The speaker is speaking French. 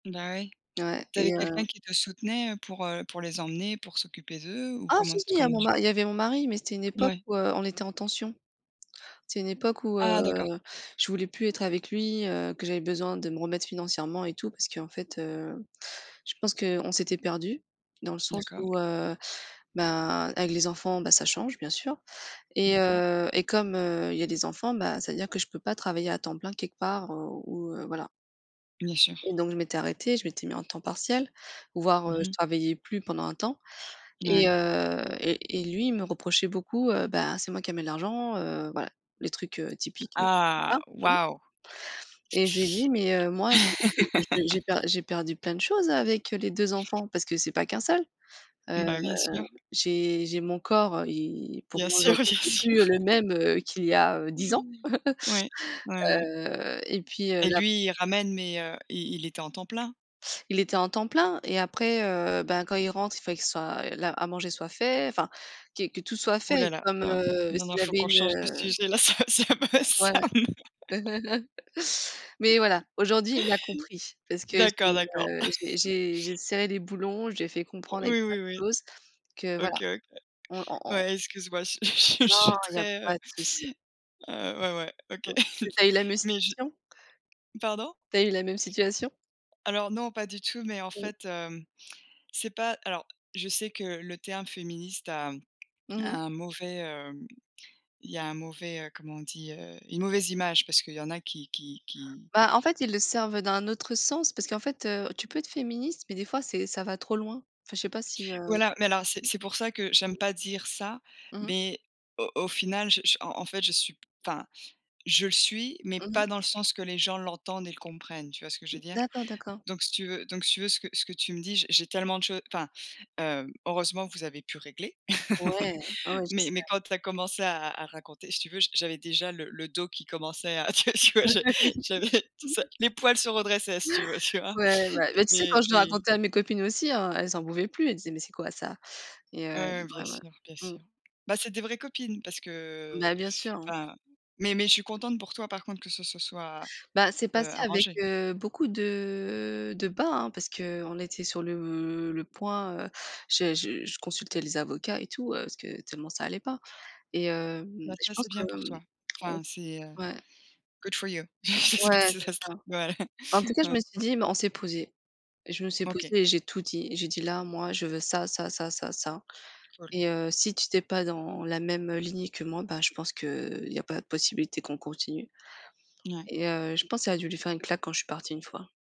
Bah oui. Ouais Tu et avais quelqu'un heu qui te soutenait, heu, pour heu, pour les emmener, pour s'occuper d'eux ou Ah comment si si, tu il y a comment mon tu? ma il y avait mon mari, mais c'était une époque ouais. où, heu, on était en tension. C'est une époque où, heu, Ah d'accord. je voulais plus être avec lui, heu, que j'avais besoin de me remettre financièrement et tout parce qu'en fait, heu, je pense qu'on s'était perdu dans le sens D'accord. où, heu, ben avec les enfants ben ça change bien sûr, et D'accord. heu, et comme, heu, il y a des enfants, bah ça veut dire que je peux pas travailler à temps plein quelque part, heu, ou heu, voilà Bien sûr. et donc je m'étais arrêtée, je m'étais mis en temps partiel, Mmh voire je mh. travaillais plus pendant un temps, et Ouais. heu, et et lui il me reprochait beaucoup: «Bah c'est moi qui amène l'argent», heu, voilà, les trucs, heu, typiques, heu Ah voilà oui. waouh. Et je lui ai dit: «Mais heu, moi je je j'ai per j'ai perdu plein de choses avec, heu, les 2 enfants parce que c'est pas qu'un seul. Heu, Bah bien sûr. j'ai j'ai mon corps, heu, et pour Bien moi sûr, bien aujourd'hui c'est plus, heu, sûr. le même, heu, qu'il y a, heu, 10 ans». Oui, oui oui. Heu, et puis, heu, Et là lui, il ramène, mais heu, il il était en temps plein? Il était en temps plein et après, heu, bah quand il rentre, il fallait qu'il soit la à manger soit fait, enfin que que tout soit Ouh fait là là, comme, non, heu, non non, s'il il faut avait qu'on une, change de heu sujet là ça ça me Ouais. ça me Mais voilà, aujourd'hui il a compris parce que j'ai, d'accord d'accord. heu, j'ai j'ai j'ai serré les boulons, j'ai fait comprendre avec Oui plein oui oui. de choses que voilà, OK OK. on on on Ouais excuse-moi, je suis je suis je non suis il y a très pas heu de souci. heu ouais ouais OK. Mmh. Tu as eu la même Mais je situation? pardon? Tu as eu la même situation? Alors non, pas du tout, mais en Mmh. fait, hem, c'est pas alors je sais que le terme féministe a Mmh mh. a un mauvais heu il y a un mauvais heu comment on dit? Heu, une mauvaise image parce qu'il y en a qui qui qui Bah en fait ils le servent d'un autre sens parce qu'en fait, heu, tu peux être féministe mais des fois c'est ça va trop loin. Enfin je sais pas si, heu? Voilà, mais alors c'est c'est pour ça que j'aime pas dire ça, Mmh mh. mais au au final, je en en fait je suis enfin je le suis, mais Mmh mh. pas dans le sens que les gens l'entendent et le comprennent, tu vois ce que je veux dire? D'accord d'accord. Donc si tu veux donc si tu veux ce que ce que tu me dis, j'ai j'ai tellement de choses enfin, heu, heureusement vous avez pu régler, Ouais, ouais, ouais je mais sais. mais quand tu as commencé à à raconter, si tu veux, j'avais déjà le le dos qui commençait à tu vois tu vois? J'avais j'avais ça les poils se redressaient si tu veux, tu vois? Ouais, ouais. Bah tu sais quand Et je le et racontais à mes copines aussi hein, elles en pouvaient plus, elles disaient: «Mais c'est quoi ça?», et Ouais heu, ouais bien ouais ouais. sûr bien Mmh. sûr. Bah c'est des vraies copines parce que Bah bien sûr hein. enfin mais mais je suis contente pour toi par contre que ce se soit, Bah c'est heu, passé avec, arrangé. heu, beaucoup de de bas hein parce qu'on était sur le le point, heu, j'ai je consultais les avocats et tout, heu, parce que tellement ça allait pas, et- hem, et Bah je ça c'est pense que bien pour hem, toi. on Enfin se c'est, heu, ouais. good for you. Je sais pas Ouais si c'est ça se ça. tradu voilà. En tout cas je Ouais. me suis dit mais on s'est posé. Je me suis OK. posé et j'ai tout dit. J'ai dit: «Là moi je veux ça, ça, ça, ça, ça, Cool. et heu, si tu étais pas dans la même, heu, lignée que moi, bah je pense qu'il y a pas de possibilité qu'on continue», Ouais. et heu, je pense que ça a dû lui faire une claque quand je suis partie une fois.